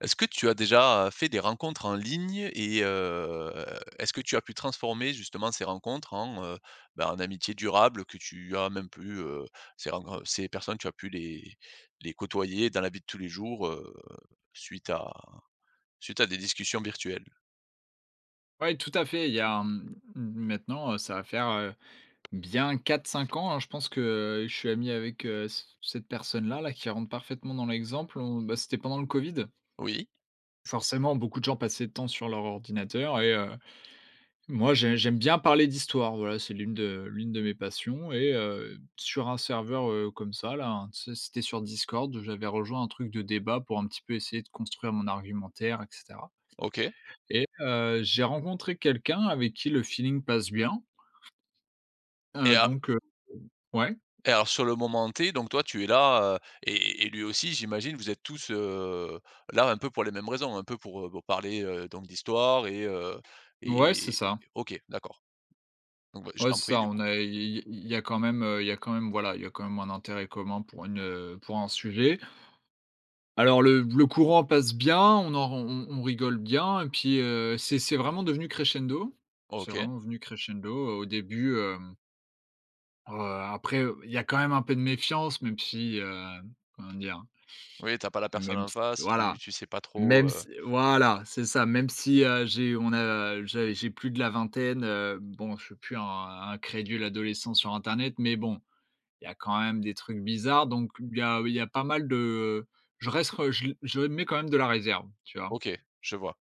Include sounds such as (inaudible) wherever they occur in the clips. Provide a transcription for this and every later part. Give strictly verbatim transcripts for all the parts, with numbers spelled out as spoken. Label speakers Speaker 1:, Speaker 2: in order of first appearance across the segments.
Speaker 1: Est-ce que tu as déjà, heu, fait des rencontres en ligne et heu, est-ce que tu as pu transformer justement ces rencontres en, heu, bah, en amitiés durables, que tu as même plus, heu ces ren r ces personnes, tu as même pu les les côtoyer dans la vie de tous les jours, heu, suite à suite à des discussions virtuelles?
Speaker 2: Ouais, tout à fait, il y a, mmh m maintenant, heu, ça va faire, heu, bien quatre-cinq ans hein, je pense, que je suis ami avec, heu, c cette personne-là, là. Qui rentre parfaitement dans l'exemple en bah, c'était pendant le Covid.
Speaker 1: Oui.
Speaker 2: Forcément, beaucoup de gens passaient de temps sur leur ordinateur et heu, moi j'ai j'aime bien parler d'histoire, voilà, c'est l'une de l'une de mes passions, et heu, sur un serveur, heu, comme ça là, hein, tu sais c'était sur Discord. J'avais rejoint un truc de débat, pour un petit peu essayer de construire mon argumentaire et cetera.
Speaker 1: OK.
Speaker 2: Et heu, j'ai rencontré quelqu'un avec qui le feeling passe bien.
Speaker 1: Et
Speaker 2: Heu,
Speaker 1: a
Speaker 2: donc, heu ouais?
Speaker 1: et alors sur le moment T, donc toi tu es là, heu, et et et lui aussi j'imagine. Vous êtes tous, heu, là, un peu pour les mêmes raisons. Un peu pour, heu, pour parler, heu donc d'histoire et, heu
Speaker 2: Mouais, c'est
Speaker 1: et
Speaker 2: ça.
Speaker 1: OK, d'accord. Donc, beh, je
Speaker 2: Ouais,
Speaker 1: t'en
Speaker 2: c'est
Speaker 1: prie
Speaker 2: ça,
Speaker 1: du
Speaker 2: on
Speaker 1: coup.
Speaker 2: a i i il y a quand même heu, il y a quand même, voilà il y a quand même un intérêt commun pour une heu, pour un sujet. Alors le le courant passe bien, on en r on on on rigole bien. Et puis, heu, c'est c'est vraiment devenu crescendo. C'est
Speaker 1: OK.
Speaker 2: vraiment venu crescendo, heu, au début, hem Heu, après, heu, il y a quand même un peu de méfiance même si, hem, comment dire?
Speaker 1: Oui, tu as pas la
Speaker 2: Heu,
Speaker 1: personne
Speaker 2: même
Speaker 1: en
Speaker 2: si
Speaker 1: face, tu
Speaker 2: voilà
Speaker 1: tu sais pas trop,
Speaker 2: même
Speaker 1: heu
Speaker 2: si voilà, c'est ça! Même si, heu, j'ai on a, heu, j'ai j'ai plus de la vingtaine, heu, bon je suis plus un un crédule adolescent sur internet, mais bon, il y a quand même des trucs bizarres, donc b il y a il y a pas mal de, heu, je reste re je le je mets quand même de la réserve, tu vois?
Speaker 1: OK, je vois.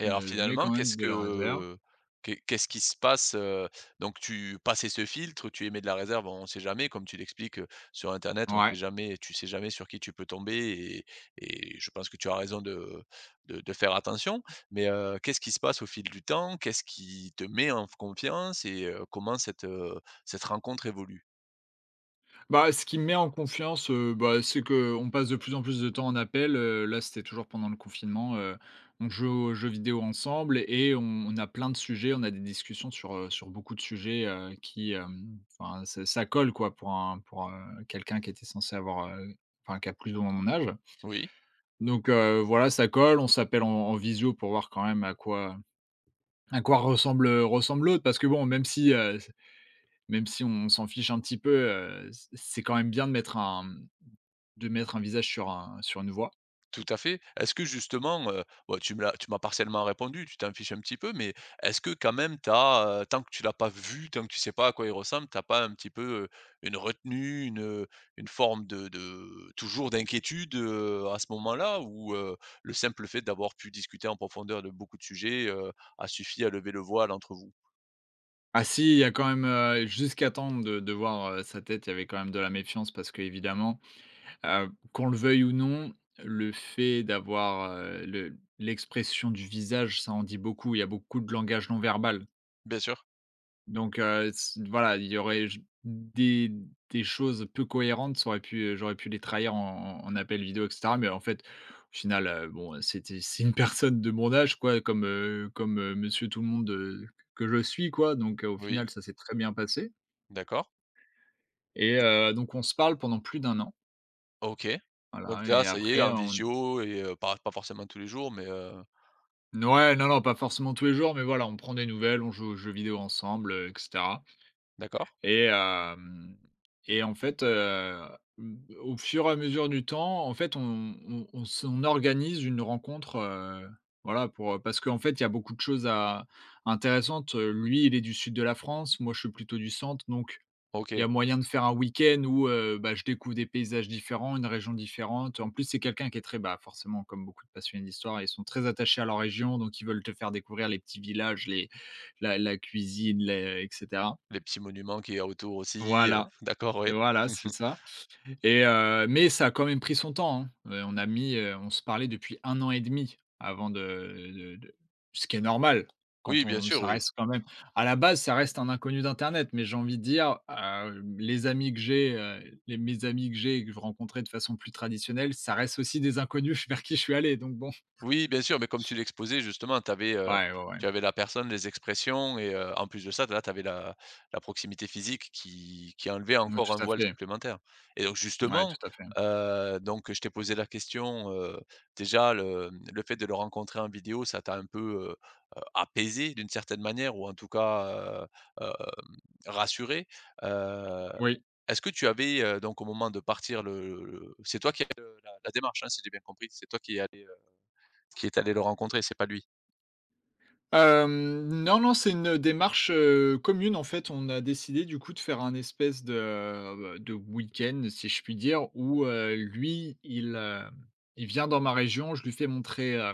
Speaker 1: Et alors
Speaker 2: Heu, je mets
Speaker 1: finalement
Speaker 2: quand même
Speaker 1: qu'est-ce
Speaker 2: de
Speaker 1: que,
Speaker 2: la réserve
Speaker 1: heu, qu'est qu'est ce qui se passe, heu? Donc tu passé ce filtre, heu, tu émets de la réserve. On sait jamais comme tu l'expliques, heu, sur Internet. On
Speaker 2: Ouais.
Speaker 1: sait jamais tu sais jamais sur qui tu peux tomber et et je pense que tu as raison de de de faire attention mais, heu, qu'est-ce qui se passe au fil du temps? Qu'est-ce qui te met en f confiance et heu, comment cette, heu, cette rencontre évolue?
Speaker 2: Bah ce qui me met en confiance, heu, bah, c'est qu'on passe de plus en plus de temps en appel, heu là, c'était toujours pendant le confinement. Heu, on jouait aux jeux vidéo ensemble et on on a plein de sujets. On a des discussions sur, heu, sur beaucoup de sujets, heu, qui hem enfin ça ça colle quoi. Pour un pour, heu, quelqu'un qui était censé avoir, heu, enfin qui a plus ou moins mon âge.
Speaker 1: Oui.
Speaker 2: Donc heu, voilà ça colle, on s'appelle en en visio pour voir quand même à quoi à quoi ressemble ressemble l'autre. Parce que bon même si, heu, c même si on s'en fiche un petit peu, heu, c'est c'est quand même bien de mettre un, mmh, de mettre un visage sur un sur une voix.
Speaker 1: Tout à fait, est-ce que justement, heu, bon tu me l'as tu m'as partiellement répondu, tu t'en fiches un petit peu, mais est-ce que quand même tu as, heu, tant que tu l'as pas vu, tant que tu sais pas à quoi il ressemble, tu as pas un petit peu, heu, une retenue? Une, heu, une forme de de toujours, d'inquiétude heu, à ce moment-là? Ou, heu, le simple fait d'avoir pu discuter en profondeur de beaucoup de sujets, heu, a suffi à lever le voile entre vous?
Speaker 2: Ah si! Il y a quand même, heu, jusqu'à temps de de voir, heu, sa tête. Il y avait quand même de la méfiance parce que, évidemment, heu, qu'on le veuille ou non, le fait d'avoir, heu, le l'expression du visage, ça en dit beaucoup. Il y a beaucoup de langage non verbal
Speaker 1: Bien sûr.
Speaker 2: donc, heu, se voilà, il y aurait, j des des choses peu cohérentes, ça aurait pu, heu, j'aurais pu les trahir en en en appel vidéo et cetera. Mais, en fait, au final, heu, bon, c'était c'est une personne de mon âge, quoi, comme, heu, comme, heu, monsieur tout le monde, heu, que je suis, quoi, donc, heu, au
Speaker 1: Oui.
Speaker 2: final, ça s'est très bien passé
Speaker 1: D'accord.
Speaker 2: et
Speaker 1: Et
Speaker 2: heu, donc on se parle pendant plus d'un an
Speaker 1: OK. Donc,
Speaker 2: voilà
Speaker 1: là,
Speaker 2: et
Speaker 1: ça y est,
Speaker 2: après
Speaker 1: en
Speaker 2: en
Speaker 1: visio et heu, pas pas forcément tous les jours mais, heu
Speaker 2: N ouais, non, non! Pas forcément tous les jours, mais, voilà, on prend des nouvelles. On joue aux jeux vidéo ensemble et cetera
Speaker 1: D'accord.
Speaker 2: et hem, et en fait, heu, b au fur et à mesure du temps, en fait, on on on s on organise une rencontre, heu, voilà, pour, heu parce qu'en fait, il y a beaucoup de choses à intéressantes. Lui, il est du Sud de la France, moi, je suis plutôt du centre. Donc, il y
Speaker 1: OK.
Speaker 2: a moyen de faire un week-end où, heu, bah, je découvre des paysages différents, une région différente. En plus, c'est quelqu'un qui est très, bah, forcément comme beaucoup de passionnés d'histoire, ils sont très attachés à leur région. Donc, ils veulent te faire découvrir les petits villages, les la la cuisine, les et cetera.
Speaker 1: Les petits monuments qu'il y a autour aussi, heu
Speaker 2: Voilà,
Speaker 1: d'accord. Ouais.
Speaker 2: voilà, c'est
Speaker 1: (chuckles)
Speaker 2: ça et heu, mais, ça a quand même pris son temps, hein. Heu, on a mis, heu, on se parlait depuis un an et demi avant de de de ce qui est normal. Quand
Speaker 1: Oui, bien
Speaker 2: on
Speaker 1: sûr.
Speaker 2: ça
Speaker 1: Oui.
Speaker 2: reste quand même à la base, ça reste un inconnu d'internet. Mais, j'ai envie de dire, heu, les amis que j'ai, heu, les mes amis que j'ai et que je rencontrais de façon plus traditionnelle, ça reste aussi des inconnus vers qui je suis allé, donc, bon.
Speaker 1: Oui, bien sûr. Mais, comme tu l'exposais, justement, tu avais, heu,
Speaker 2: Ouais, ouais, ouais.
Speaker 1: tu avais la personne, les expressions et heu, en plus de ça, d là, tu avais la la proximité physique qui qui enlevait
Speaker 2: Oui,
Speaker 1: encore un
Speaker 2: tout à
Speaker 1: voile
Speaker 2: fait.
Speaker 1: supplémentaire et donc,
Speaker 2: Ouais,
Speaker 1: justement,
Speaker 2: tout à fait.
Speaker 1: heu, donc je t'ai posé la question, heu, déjà le, mmh, le fait de le rencontrer en vidéo, ça t'a un peu, heu heu, apaisé, d'une certaine manière ou en tout cas, heu, hem, rassuré? Heu,
Speaker 2: Oui.
Speaker 1: est-ce que tu avais, heu, donc, au moment de partir, le le c'est toi qui a fait le la la démarche, hein? Si j'ai bien compris, c'est toi qui est allé, heu, qui est allé le rencontrer? C'est pas lui?
Speaker 2: Hem, non, non, c'est une démarche, heu, commune, en fait. On a décidé du coup de faire un espèce de, heu, b de week-end, si je puis dire, où, heu, lui il heu, il vient dans ma région, je lui fais montrer, heu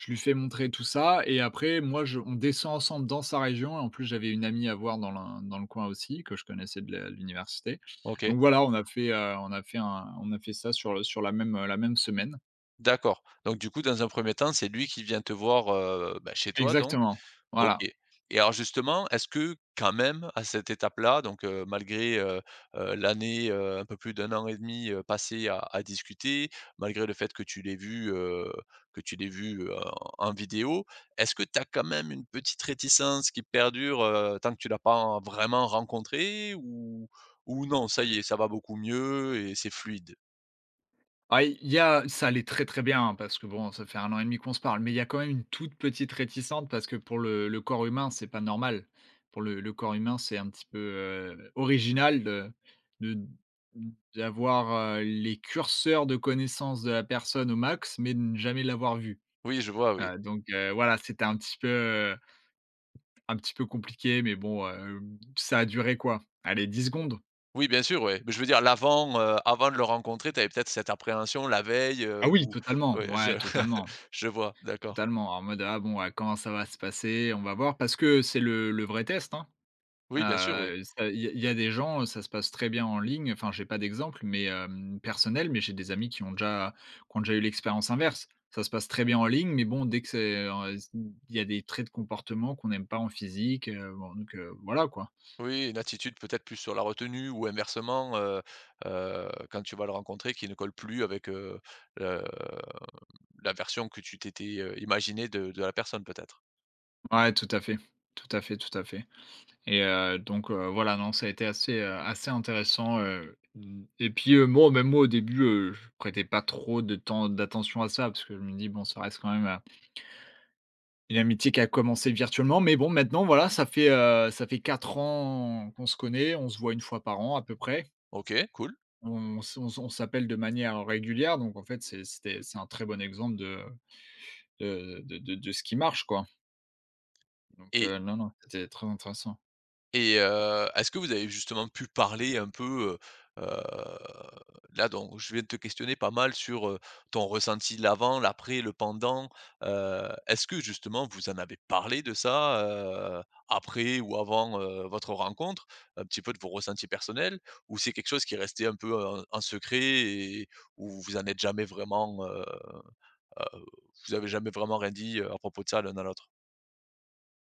Speaker 2: je lui fais montrer tout ça. Et après moi je on descend ensemble dans sa région. Et en plus j'avais une amie à voir, dans le dans le coin aussi, que je connaissais de l de l'université.
Speaker 1: OK.
Speaker 2: Donc voilà, on a fait, heu on a fait un on a fait ça sur le sur la même, heu la même semaine.
Speaker 1: D'accord, donc du coup, dans un premier temps, c'est lui qui vient te voir, heu, bah, chez toi donc?
Speaker 2: Exactement.
Speaker 1: OK.
Speaker 2: Voilà.
Speaker 1: Et alors justement, est-ce que quand même à cette étape-là donc, heu, malgré, heu heu l'année, heu, un peu plus d'un an et demi, heu, passé à à discuter. Malgré le fait que tu l'aies vu, heu, que tu l'aies vu, heu, en vidéo. Est-ce que tu as quand même une petite réticence qui perdure, heu, tant que tu l'as pas en vraiment rencontré? Ou ou non, ça y est, ça va beaucoup mieux et c'est fluide?
Speaker 2: Ah i il y a ça allait très, très bien, hein, parce que bon, ça fait un an et demi qu'on se parle, mais il y a quand même, une toute petite réticente. Parce que pour le le corps humain, c'est pas normal. Pour le le corps humain, c'est un petit peu, heu, original de de d d'avoir, heu, les curseurs de connaissance de la personne au max, mais de ne jamais l'avoir vu.
Speaker 1: Oui, je vois, oui.
Speaker 2: Heu, donc heu, voilà, c'était un petit peu, heu un petit peu compliqué. Mais bon hem, ça a duré quoi? Allez dix secondes.
Speaker 1: Oui, bien sûr, ouais. Beh, je veux dire l'avant, heu, avant de le rencontrer, tu avais peut-être cette appréhension la veille, heu,
Speaker 2: Ah oui,
Speaker 1: ou
Speaker 2: totalement.
Speaker 1: ouais, je
Speaker 2: Ouais,
Speaker 1: (chuckles)
Speaker 2: totalement
Speaker 1: je vois, d'accord.
Speaker 2: totalement en mode: «Ah bon, ah comment ça va se passer? On va voir», parce que c'est le le vrai test hein.
Speaker 1: Oui, bien sûr,
Speaker 2: Ah,
Speaker 1: oui.
Speaker 2: ça il y a il y a des gens, heu, ça se passe très bien en ligne, enfin, j'ai pas d'exemple, mais hem, personnel. Mais j'ai des amis qui ont déjà qui ont déjà eu l'expérience inverse. Ça se passe très bien en ligne, mais bon, dès que c'est, en heu, s il y a des traits de comportement qu'on n'aime pas en physique, heu bon, donc, heu, voilà quoi.
Speaker 1: Oui, une attitude peut-être plus sur la retenue ou inversement, heu heu, quand tu vas le rencontrer, qui ne colle plus avec, heu, le mmh, la version que tu t'étais, heu, imaginée de de la personne peut-être.
Speaker 2: Ouais, tout à fait, tout à fait, tout à fait et heu, donc, heu, voilà, non, ça a été assez, heu, assez intéressant, heu, mmh et puis, heu, bon, même moi au début, heu, je prêtais pas trop de temps d'attention à ça parce que je me dis: «Bon, ça reste quand même, heu» «une amitié qui a commencé virtuellement», mais bon maintenant, voilà, ça fait, heu, ça fait quatre ans qu'on se connaît, on se voit une fois par an, à peu près.
Speaker 1: OK, cool.
Speaker 2: On se on s on s'appelle de manière régulière donc en fait, c'est c'était c'est un très bon exemple de de de de de ce qui marche quoi. Donc,
Speaker 1: Et
Speaker 2: heu, non, non, c'était très intéressant.
Speaker 1: et heu, est-ce que vous avez justement pu parler un peu, heu heu, là donc, je viens de te questionner pas mal sur, heu, ton ressenti, l'avant, l'après, le pendant, heu, est-ce que, justement, vous en avez parlé de ça, heu, après ou avant, heu, votre rencontre? Un petit peu de vos ressentis personnels ou c'est quelque chose qui est resté un peu, heu, en en secret et où vous en êtes jamais vraiment, heu heu, vous avez jamais vraiment rien, dit, heu, à propos de ça, l'un à l'autre?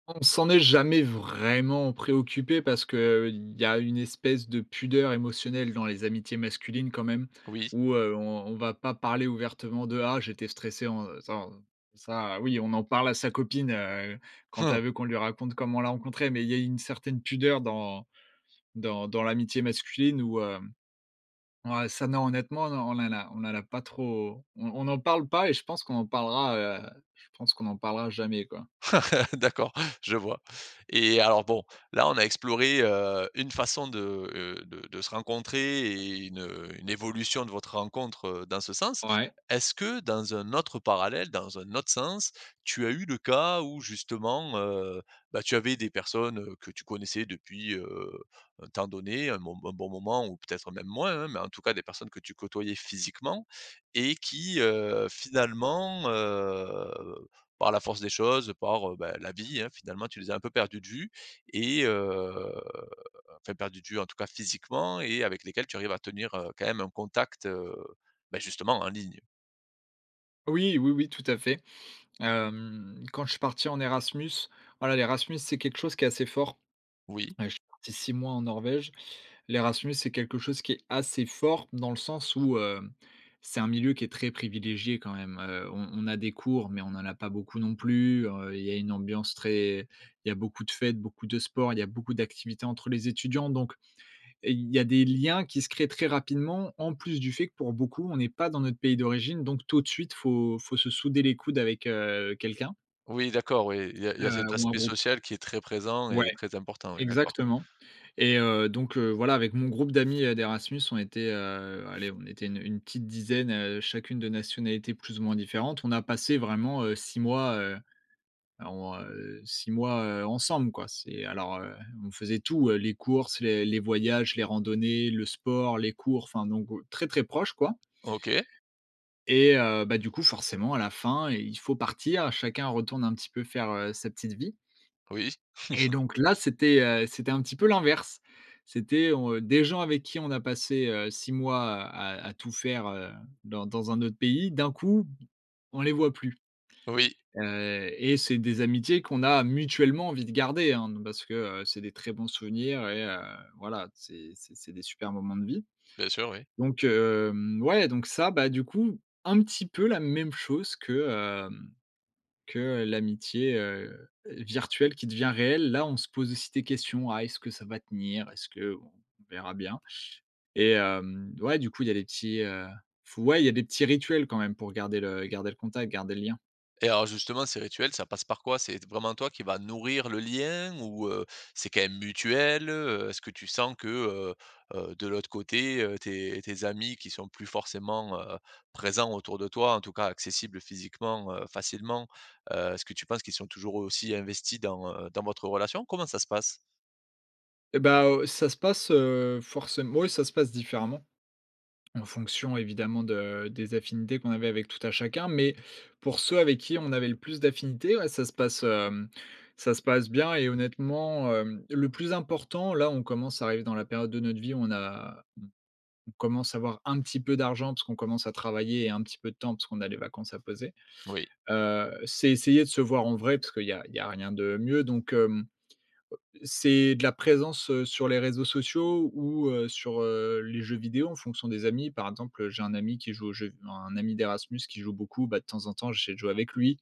Speaker 2: On s'en est jamais vraiment préoccupés parce qu'il y a une espèce de pudeur émotionnelle dans les amitiés masculines quand même,
Speaker 1: Oui.
Speaker 2: où, heu, on on va pas parler ouvertement de: «Ah, j'étais stressé, en heu, s'en» ça, oui, on en parle à sa copine, heu, quand
Speaker 1: Mmh.
Speaker 2: elle veut qu'on lui raconte comment on l'a rencontrée, mais il y a eu une certaine pudeur dans dans dans l'amitié masculine où, hem, ouais, ça, non, honnêtement, non, on en a on en a pas trop, on on n'en parle pas et je pense qu'on en parlera, heu, je pense, qu'on en parlera jamais quoi.
Speaker 1: (laughs) D'accord, je vois et alors, bon, là, on a exploré, heu, une façon de, heu, de de se rencontrer et une une évolution de votre rencontre, heu, dans ce sens.
Speaker 2: Ouais?
Speaker 1: Est-ce que dans un autre parallèle, dans un autre sens, tu as eu le cas où, justement, heu, bah, tu avais des personnes, heu, que tu connaissais depuis, heu, un temps donné, un mom un bon moment ou peut-être même moins, hein, mais, en tout cas, des personnes que tu côtoyais physiquement et qui, heu, finalement, heu, par la force des choses, par, heu, ben, la vie, hein, finalement, tu les as un peu perdues de vue et heu enfin, perdues de vue, en tout cas, physiquement et avec lesquelles, tu arrives à tenir, heu, quand même un contact, heu, bah, justement, en ligne?
Speaker 2: Oui, oui, oui, tout à fait. Hem, quand je suis parti en Erasmus, voilà, l'Erasmus, c'est quelque chose qui est assez fort.
Speaker 1: Oui.
Speaker 2: Heu, je suis parti six mois en Norvège. L'Erasmus, c'est quelque chose qui est assez fort, dans le sens où, hem, c'est un milieu qui est très privilégié quand même, heu on on a des cours, mais on en a pas beaucoup non plus. Heu, il y a une ambiance très il y a beaucoup de fêtes, beaucoup de sports, il y a beaucoup d'activités entre les étudiants. Donc, il y a des liens qui se créent très rapidement, en plus du fait que pour beaucoup, on n'est pas dans notre pays d'origine, donc, tout de suite, faut faut se souder les coudes avec, heu, quelqu'un
Speaker 1: Oui, d'accord, oui, il y a il y a cet
Speaker 2: heu, ou un
Speaker 1: aspect
Speaker 2: groupe.
Speaker 1: social qui est très présent
Speaker 2: Ouais,
Speaker 1: et très important, oui, d'accord.
Speaker 2: exactement et heu, donc, heu, voilà, avec mon groupe d'amis, heu, d'Erasmus, on était, heu, allez, on était une une petite dizaine, heu, chacune de nationalités plus ou moins différentes. On a passé vraiment, heu, six mois, heu, on, heu, six mois, heu, ensemble, quoi. C'est alors, heu, on faisait tout, heu, les courses, les les voyages, les randonnées, le sport, les cours, enfin donc, très, très proches quoi.
Speaker 1: OK.
Speaker 2: Et heu, bah, du coup, forcément à la fin, il il faut partir. Chacun retourne un petit peu faire, heu, sa petite vie.
Speaker 1: Oui.
Speaker 2: Et
Speaker 1: (chuckles)
Speaker 2: donc, là, c'était, heu, c'était un petit peu l'inverse. C'était on, heu des gens avec qui on a passé, heu, six mois à à tout faire, heu, dans dans un autre pays, d'un coup, b on les voit plus.
Speaker 1: Oui.
Speaker 2: Heu et c'est des amitiés qu'on a mutuellement envie de garder, hein, de parce que, heu, c'est des très bons souvenirs et heu, voilà, c'est c'est c'est des super moments de vie.
Speaker 1: Bien sûr, oui.
Speaker 2: Donc, hem, ouais, donc, ça, bah, du coup, un petit peu la même chose que, hem, que l'amitié, heu, virtuelle qui devient réelle. Là, on se pose aussi des questions: «Ah, est-ce que ça va tenir? Est-ce que, bon, on verra bien» et hem, ouais, du coup, il y a les petits, heu, f ouais, il y a des petits rituels quand même pour garder le garder le contact, garder le lien.
Speaker 1: Et alors, justement, ces rituels, ça passe par quoi? C'est t vraiment toi qui va nourrir le lien ou, heu, c'est quand même mutuel? Heu, est-ce que tu sens que, heu heu, de l'autre côté, heu, tes tes amis qui sont plus forcément, heu, présents autour de toi, en tout cas, accessibles physiquement, heu, facilement, heu, est-ce que tu penses qu'ils sont toujours eux, aussi, investis dans, heu, dans votre relation? Comment ça se passe?
Speaker 2: Et bah, heu, ça se passe heu, forcém ouais, ça se passe différemment en fonction évidemment de des affinités qu'on avait avec tout à chacun. Mais pour ceux avec qui on avait le plus d'affinités ah, ça se passe, hem, ça se passe bien et honnêtement, hem, le plus important là, on commence à arriver dans la période de notre vie, où on a on on commence à avoir un petit peu d'argent parce qu'on commence à travailler et un petit peu de temps parce qu'on a les vacances à poser,
Speaker 1: Oui.
Speaker 2: heu c'est essayer de se voir en vrai parce qu'il y a il y a rien de mieux donc hem, heu, c'est de la présence, heu, sur les réseaux sociaux ou, heu, sur, heu, les jeux vidéo en fonction des amis. Par exemple, heu, j'ai un ami qui joue au jeu v un ami d'Erasmus qui joue beaucoup, bah, de temps en temps j'essaie de jouer avec lui.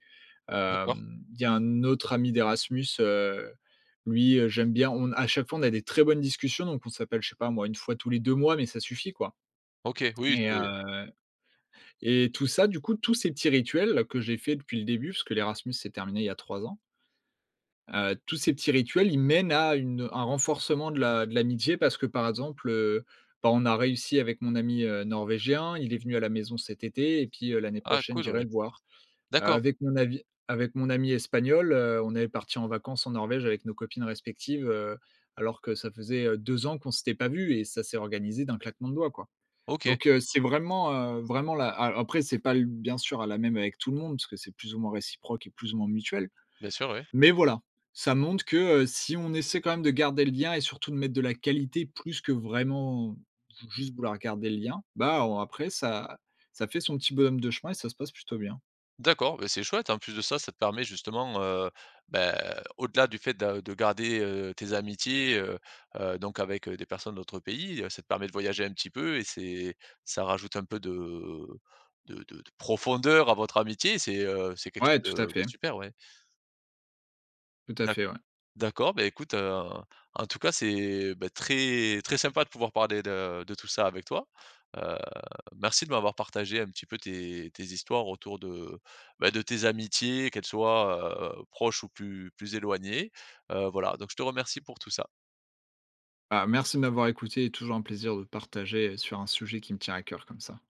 Speaker 1: D'accord.
Speaker 2: Hem, il y a un autre ami d'Erasmus, heu, lui, heu, j'aime bien on à chaque fois on a des très bonnes discussions donc on s'appelle je sais pas moi une fois tous les deux mois, mais ça suffit quoi
Speaker 1: OK, oui
Speaker 2: et heu,
Speaker 1: c'est
Speaker 2: et tout ça du coup tous ces petits rituels que j'ai fait depuis le début puisque l'Erasmus s'est terminé il y a trois ans heu, tous ces petits rituels, ils mènent à une un renforcement de l'a de l'amitié parce que par exemple, heu, bah, on a réussi avec mon ami, heu, Norvégien, il est venu à la maison cet été et puis, heu, l'année
Speaker 1: Ah
Speaker 2: prochaine
Speaker 1: cool!
Speaker 2: j'irai
Speaker 1: Ouais.
Speaker 2: le voir.
Speaker 1: D'accord.
Speaker 2: Avec mon avis avec mon ami Espagnol, heu, on est partis en vacances en Norvège avec nos copines respectives, heu, alors que ça faisait, heu, deux ans qu'on s'était pas vus, et ça s'est organisé d'un claquement de doigts quoi.
Speaker 1: OK.
Speaker 2: Donc, heu, c'est vraiment, heu, vraiment la a après c'est pas l bien sûr, hein, la même avec tout le monde parce que c'est plus ou moins réciproque et plus ou moins mutuel.
Speaker 1: Bien sûr, oui.
Speaker 2: Mais voilà, ça montre que, heu, si on essaie quand même de garder le lien et surtout de mettre de la qualité plus que vraiment, juste vouloir garder le lien, bah on après ça ça fait son petit bonhomme de chemin et ça se passe plutôt bien.
Speaker 1: D'accord. Beh, c'est chouette en plus de ça, ça te permet justement, heu, bah, au-delà du fait de de garder, heu, tes amitiés, heu heu, donc avec, heu, des personnes d'autres pays, heu, ça te permet de voyager un petit peu et c'est ça rajoute un peu de de de de profondeur à votre amitié, c'est, heu, c'est quelque chose
Speaker 2: Ouais, tout à
Speaker 1: de de
Speaker 2: fait.
Speaker 1: super, ouais.
Speaker 2: Tout à
Speaker 1: D'acc
Speaker 2: fait, ouais.
Speaker 1: d'accord, beh écoute, heu, en tout cas c'est, bah, très très sympa de pouvoir parler de de tout ça avec toi. Heu, merci de m'avoir partagé un petit peu tes tes histoires autour de, beh, de tes amitiés qu'elles soient, heu, proches ou plus plus éloignées. Heu, voilà, donc je te remercie pour tout ça.
Speaker 2: Bah, merci de m'avoir écouté et toujours un plaisir de partager sur un sujet qui me tient à cœur comme ça.